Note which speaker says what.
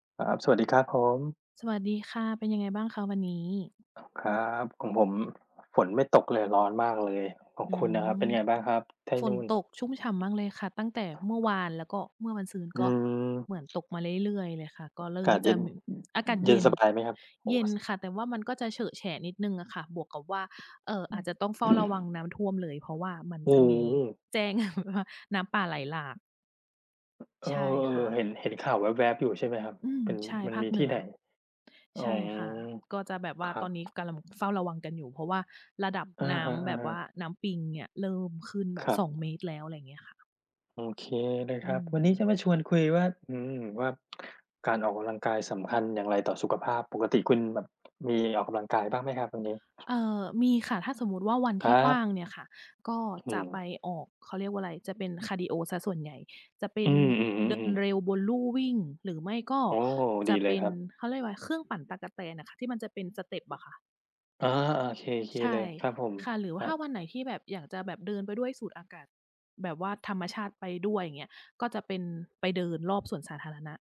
Speaker 1: ครับ สวัสดีครับผม
Speaker 2: สวัสดีค่ะ เป็นยังไงบ้างคะวันนี้?
Speaker 1: ครับ ของผม ฝนไม่ตกเลย ร้อนมากเลย ของ
Speaker 2: อื
Speaker 1: คุณล่ะครับ เป็
Speaker 2: ม
Speaker 1: นไงบ้างครับ ที่
Speaker 2: ฝ
Speaker 1: น
Speaker 2: น
Speaker 1: ู่น?
Speaker 2: ตกชุ่มฉ่ำมากเลยค่ะ ตั้งแต่เมื่อวาน แล้วก็เมื่อวานซืน
Speaker 1: อื
Speaker 2: ก็เหมือน
Speaker 1: ม
Speaker 2: ตกมาเรื่อย ๆ เลยค่ะ ก็เร
Speaker 1: อ
Speaker 2: ิ
Speaker 1: า
Speaker 2: ่
Speaker 1: ก
Speaker 2: ม
Speaker 1: าศเ
Speaker 2: จ
Speaker 1: ย
Speaker 2: ะ
Speaker 1: ็น
Speaker 2: มี อากาศ
Speaker 1: เย
Speaker 2: เย
Speaker 1: ็น
Speaker 2: ็น
Speaker 1: สบายไหมครับ? โอ้
Speaker 2: เย็น
Speaker 1: สะ
Speaker 2: ค่ะ แต่ว่ามันก็จะเฉอะแฉะนิดหนึ่งอะค่ะ บวกกับว่า เอ่อ อาจจะต้องเฝ้าระวังน้ำท่วมเลย เพราะว่ามัน
Speaker 1: โอ
Speaker 2: จ
Speaker 1: ้
Speaker 2: ะมีแจ้ง แบบว่า น้ำป่าไหลหลาก
Speaker 1: เออ
Speaker 2: ใช่ค่
Speaker 1: เห
Speaker 2: ะ
Speaker 1: ็น เห็นข่าวแวบ ๆ อยู่ ใช่ไหมครับ
Speaker 2: อืม
Speaker 1: เป็น
Speaker 2: ใช่
Speaker 1: มัน
Speaker 2: ภา
Speaker 1: ม
Speaker 2: ค
Speaker 1: ี
Speaker 2: เหน
Speaker 1: ที่
Speaker 2: ื
Speaker 1: ไ
Speaker 2: อ
Speaker 1: หน? อ๋
Speaker 2: ใ
Speaker 1: อ
Speaker 2: ช่ค่ะ ก็จะแบบว่
Speaker 1: ค
Speaker 2: า
Speaker 1: รั
Speaker 2: ตอ
Speaker 1: บ
Speaker 2: นนี้กำลังเฝ้าระวังกันอยู่ เพราะว่าระดับ
Speaker 1: อะ
Speaker 2: น้
Speaker 1: ฮ
Speaker 2: ำแบ
Speaker 1: ะ
Speaker 2: บว่า
Speaker 1: ๆ
Speaker 2: น้ำปิงเนี่ยเริ่มขึ้นแบ
Speaker 1: ค
Speaker 2: บ
Speaker 1: รั
Speaker 2: ส
Speaker 1: บ
Speaker 2: องเมตร แล้ว อะไรอย่างเงี้ยค่ะ
Speaker 1: โอเคนะ
Speaker 2: อื
Speaker 1: ครับ วันนี้จ
Speaker 2: ม
Speaker 1: ะมาชวนคุยว่า อืม ว่า การออกกำลังกายสำคัญอย่างไร ต่อสุขภาพ ปกติคุณแบบมีออกกำลังกายบ้างไหมครับ ตรงนี
Speaker 2: เ
Speaker 1: ้?
Speaker 2: อ่อ มีค่ะ ถ้าสมมุติว่า วัน
Speaker 1: ค
Speaker 2: ที
Speaker 1: รั
Speaker 2: ่ว
Speaker 1: บ
Speaker 2: ่างเนี่ยค่ะ ก็
Speaker 1: อื
Speaker 2: จะไป
Speaker 1: ม
Speaker 2: ออก เขาเรียกว่าไร จะเป็นคาร์ดีโอเสียส่วนใหญ่ จะเป็
Speaker 1: อื
Speaker 2: นเดิน
Speaker 1: อ ๆ ๆ ๆ
Speaker 2: เร็วบนลู่วิ่ง หรือไม่ก็
Speaker 1: โอ้!
Speaker 2: จ
Speaker 1: ดี
Speaker 2: ะ
Speaker 1: เ
Speaker 2: เ
Speaker 1: ล
Speaker 2: ป
Speaker 1: ย
Speaker 2: ็น
Speaker 1: ครับ
Speaker 2: เขาเรียกว่าอะไร เครื่องปั่นตั๊กแตนอะค่ะ ที่มันจะเป็น step อะค่ะ
Speaker 1: เออ ๆ โอเค
Speaker 2: ใช
Speaker 1: ๆ เล
Speaker 2: ่
Speaker 1: ยครับผม
Speaker 2: ค่ะ หรือว่
Speaker 1: ค
Speaker 2: า
Speaker 1: ร
Speaker 2: ถ
Speaker 1: ั
Speaker 2: ้า
Speaker 1: บ
Speaker 2: วันไหน ที่แบบอยากจะแบบเดินไปด้วยสูดอากาศแบบว่าธรรมชาติไปด้วยเงี้ย ก็จะเป็นไปเดินรอบสวนสาธารณะ